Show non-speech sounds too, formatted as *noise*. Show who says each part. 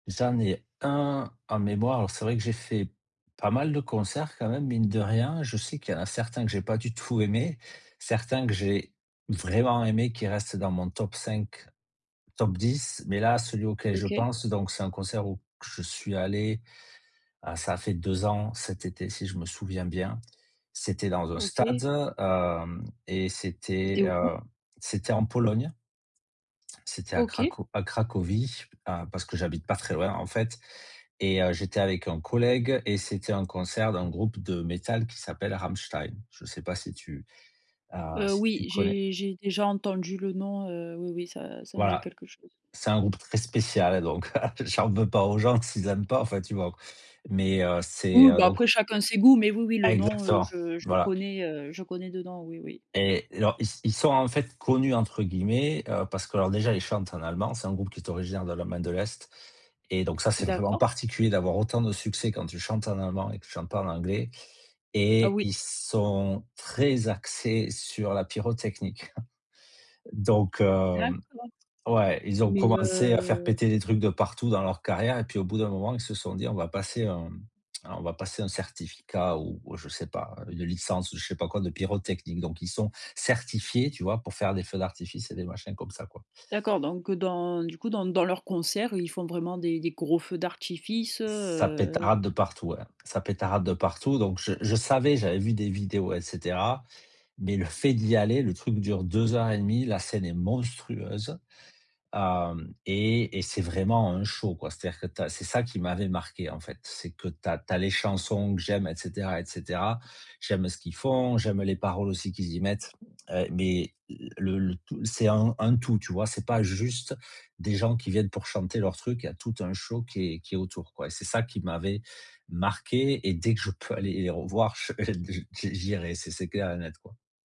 Speaker 1: J'en ai 1 en mémoire, alors c'est vrai que j'ai fait pas mal de concerts quand même, mine de rien, je sais qu'il y en a certains que j'ai pas du tout aimé, certains que j'ai vraiment aimé qui reste dans mon top 5, top 10, mais là, celui auquel je
Speaker 2: OK.
Speaker 1: pense, donc c'est un concert où que je suis allé, ah, ça a fait 2 ans cet été si je me souviens bien, c'était dans un stade,
Speaker 2: OK.
Speaker 1: heu et c'était,
Speaker 2: C'était où?
Speaker 1: heu, c'était en Pologne c'était à
Speaker 2: OK.
Speaker 1: craco à Cracovie, à parce que j'habite pas très loin, en fait et heu, j'étais avec un collègue et c'était un concert d'un groupe de métal qui s'appelle Rammstein, je sais pas si tu, heu,
Speaker 2: Heu,
Speaker 1: si
Speaker 2: oui,
Speaker 1: tu connais?
Speaker 2: j'ai j'ai déjà entendu le nom, heu, oui, oui, ça ça me dit
Speaker 1: Voilà,
Speaker 2: quelque chose.
Speaker 1: c'est un groupe très spécial, donc heu, j'en veux pas aux gens s'ils aiment pas, enfin, tu vois qu mais heu, c'est
Speaker 2: Oui, bah,
Speaker 1: donc
Speaker 2: après chacun ses goûts, mais oui, oui, le nom, heu,
Speaker 1: Exactement,
Speaker 2: je je
Speaker 1: voilà
Speaker 2: connais, heu, je connais de nom, oui, oui.
Speaker 1: et alors, ils ils sont, en fait, «connus» entre guillemets, heu, parce qu'alors, déjà, ils chantent en allemand, c'est un groupe qui est originaire de l'Allemagne de l'Est et donc, ça c'est vraiment
Speaker 2: D'accord.
Speaker 1: particulier d'avoir autant de succès quand tu chantes en allemand et que tu chante pas en anglais
Speaker 2: Ah
Speaker 1: et
Speaker 2: oui.
Speaker 1: ils sont très axés sur la pyrotechnique, *chuckles* donc heu
Speaker 2: D'accord
Speaker 1: ouais, ils ont
Speaker 2: mais
Speaker 1: commencé à faire
Speaker 2: heu
Speaker 1: péter les trucs de partout dans leur carrière et puis au bout d'un moment ils se sont dit: «On va passer un *tsk* on va passer un certificat» ou je sais pas une licence ou je sais pas quoi de pyrotechnique, donc ils sont certifiés, tu vois, pour faire des feux d'artifice et des machins comme ça, quoi.
Speaker 2: D'accord, donc dans du coup, dans dans leur concert, ils font vraiment des des gros feux d'artifice,
Speaker 1: Ça
Speaker 2: heu?
Speaker 1: pétarade de partout, ouais. Ça pétarade de partout, donc je je savais, j'avais vu des vidéos et cetera mais le fait d'y aller, le truc dure 2 heures et 1/2, la scène est monstrueuse, hem et et c'est vraiment un show, quoi, c'est-à-dire que tu as c'est ça qui m'avait marqué, en fait, c'est que tu as tu as les chansons que j'aime et cetera et cetera, j'aime ce qu'ils font, j'aime les paroles aussi qu'ils y mettent, heu, mais le le tout c'est un un tout, tu vois? C'est pas juste des gens qui viennent pour chanter leur truc, il y a tout un show qui est qui est autour, quoi, c'est ça qui m'avait marqué et dès que je peux aller les revoir, je heu et j'i j'irai c'est c'est clair et net, quoi.